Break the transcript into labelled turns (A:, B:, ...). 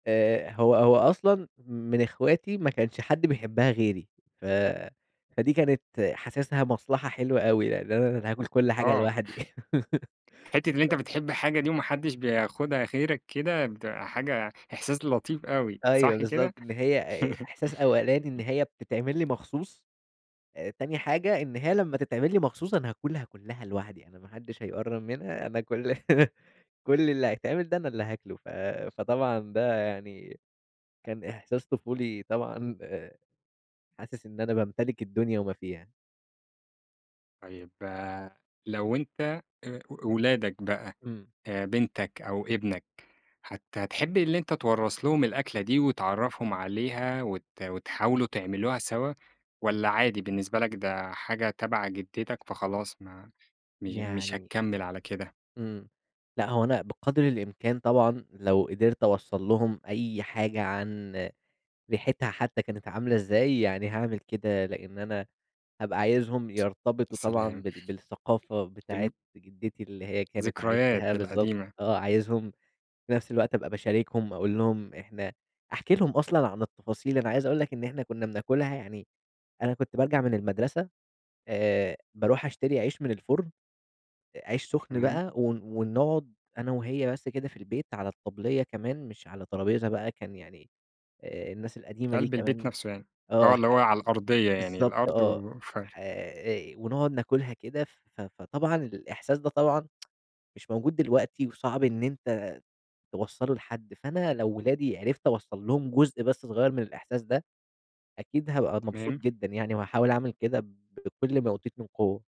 A: آآ، هو هو أصلًا من اخواتي ما كانش حد بيحبها غيري، ف فدي كانت حاسسها مصلحة حلوة أوي يعني، أنا اللي هاكل كل حاجة
B: آه
A: لوحدي ف
B: حتّة اللي أنت بتحب حاجة دي وما حدش بياخدها غيرك كده، بتبقى حاجة إحساس لطيف أوي،
A: أيوه
B: صح
A: بالضبط،
B: كده؟
A: إن هي آآ، إحساس أولاني إن هي
B: [unintelligible]
A: بتتعمل لي مخصوص، تاني حاجة إن هي لمّا تتعمل لي مخصوص أنا هاكلها كلّها لوحدي، أنا ما حدش هيقرّب منها أنا كُلّ كُلّ اللي هيتعمل ده أنا اللي هاكلُه ف فطبعًا ده يعني كان إحساس طفولي طبعًا، حاسس إن أنا بامتلك الدنيا وما فيها.
B: طيّب لو أنت آآ، ولادك بقى
A: إمم.
B: بنتك أو ابنك، هت هتحب اللي أنت توّرث لهم الأكلة دي، وتعرّفهم عليها وت وتحاولوا تعملوها سوا والَّا عادي بالنسبة لك ده حاجة تبَع جدّتك فخلاص ما مش مش
A: يعني
B: هتكمِّل على كده؟
A: إمم، لأ هو أنا بقدر الإمكان طبعًا، لو قدرت أوصل لهُم أي حاجة عن ريحتها حتى كانت عاملة إزاي، يعني هاعمل كده، لإن أنا هابقى عايزهم
B: يا
A: يرتبطوا طبعًا
B: سلام
A: بال بالثقافة بتاعة
B: الم
A: جدّتي، اللي هي كانت
B: ذكريات
A: عايشاها بالضبط،
B: القديمة.
A: آه عايزهم في نفس الوقت أبقى باشاركهم أقول لهم إحنا أحكي لهم أصلًا عن التفاصيل، أنا عايز أقول لك إن إحنا كنا بناكلها يعني أنا كنت بارجع من المدرسة آآ، باروح أشتري عيش من الفُرن، عيش سخن
B: تمام.
A: بقى ون ونقعد أنا وهي بس كده في البيت على الطبلية كمان مش على ترابيزة بقى، كان يعني آآ، الناس القديمة دي
B: قلب البيت
A: كمان
B: نفسه يعني،
A: آه
B: آه
A: ح
B: اللي هو على الأرضية يعني
A: بالضبط
B: الأرض
A: آه،
B: وف
A: ح آآ، ونقعد ناكلها كده ف فطبعًا الإحساس ده طبعًا مش موجود دلوقتي، وصعب إن أنت توصلّه لحد، فأنا لو ولادي عرفت أوصّل لهم جزء بس صغير من الإحساس ده، أكيد هابقى مبسوط
B: تمام.
A: جدًا يعني، وهاحاول أعمل كده ب بكل ما أوتيت من قوة.